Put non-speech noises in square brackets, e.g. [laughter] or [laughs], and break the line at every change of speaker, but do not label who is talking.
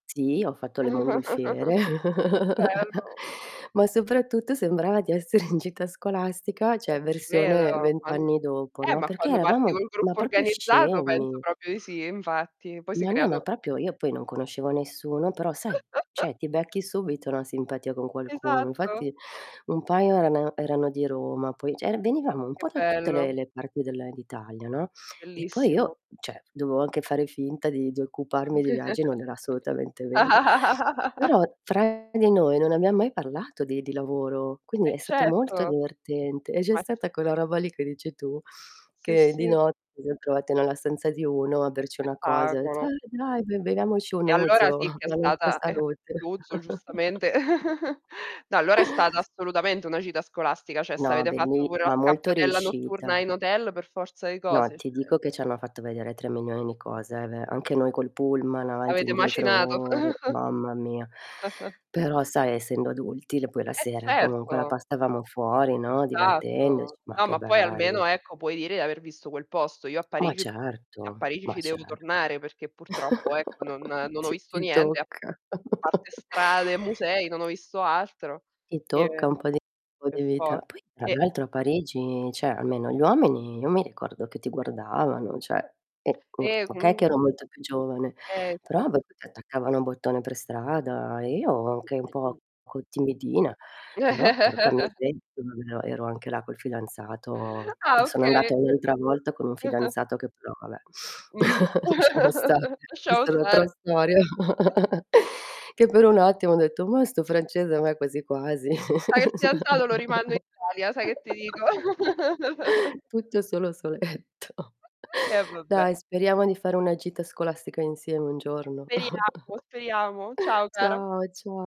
Sì, ho fatto le mongolfiere,
[chuckles] Che
[chuckles]
bello!
ma soprattutto sembrava di essere in gita scolastica,
Eh,
cioè,
ci
versione
credo.
20
Quan
anni dopo,
eh,
no,
ma
perché
quando parti
eravamo
col
ma
gruppo
proprio
organizzato penso
scemi.
proprio i sì, infatti poi si
Ma no, ma
creato
proprio io poi non conoscevo nessuno, però, sai,
[chuckles]
cioè ti becchi subito una simpatia con qualcuno.
Esatto.
Infatti, un paio erano erano di Roma, poi c'e venivamo un
Che
po' da tutte le
bello.
le parti della e d'Italia, no, e poi
Bellissimo.
io, cioè, dovevo anche fare finta di di occuparmi di viaggi, non era
[chuckles]
assolutamente vero.
[laughs]
Però, fra di noi non abbiamo mai parlato di di lavoro, quindi
Eh,
è stato molto
certo!
divertente, e c'è
Ma ci
stata quella roba lì che dici tu,
Sì,
che di
sì.
notte mi son trovata nella stanza di uno a
Che
berci una cosa, ha etto:
spettacolo.
"Eh, dai! Be beviamoci un
E allora
Ouzo,
sì
[chuckles]
che è
la nostra
stata eh,
salute."
l'ouzo giustamente. [chuckles] No, allora è stata
[chuckles]
assolutamente una gita scolastica, cioè se
No,
avete fatto
belli
pure la
ma molto
scappatella
riuscita.
notturna in hotel per forza di
No,
cose,
ti
cioè
dico che ci hanno fatto vedere 3 milioni di cose, eh, ve anche noi col pullman avanti
Avete
indietro
macinato.
ore,
[chuckles]
mamma mia.
[chuckles]
Però, sai, essendo adulti, il poi la
Eh,
sera, comunque, la
certo.
passavamo fuori, no,
Esatto,
divertendoci, ma
No,
che
ma poi almeno,
bello.
ecco, puoi dire di aver visto quel posto. Io a
Ma
Parigi a
certo,
Parigi
ma
ci devo
certo.
tornare, perché purtroppo, ecco, non
[chuckles]
non ho
Ti
visto
ti
niente, a
tocca.
a parte
[chuckles]
strade e musei, non ho visto altro
Ti tocca
e
un po' di po' di
per for
vita. Poi, tra
e
l'altro a Parigi, cioè, almeno gli uomini io mi ricordo che ti guardavano, cioè, e uhm,
e
okay che
comun
ero molto più giovane,
Eh,
però
esatto.
[unintelligible] ti attaccavano bottone per strada, e io anche un poco
[unintelligible]
timidina, però porca
[chuckles]
miseria, [unintelligible] ero anche là col fidanzato.
Ah,
Sono
okay.
andata un'altra volta con un
[chuckles]
fidanzato che però va beh,
Mh.
[chuckles] sciamo stare,
[chuckles] Lasciamo
questa è l'altra
stare.
storia.
[chuckles]
[chuckles] Che per un attimo ho detto: "Mah, 'sto francese a me quasi, quasi!"
Mi sa che il fidanzato lo rimando in Italia, sai che ti dico?
[chuckles]
[chuckles]
Tutto solo soletto.
[chuckles] Eh,
[chuckles]
vabbè.
Dai, speriamo di fare una gita scolastica insieme un giorno.
Speriamo, speriamo.
[chuckles]
Ciao, cara.
Ciao, cia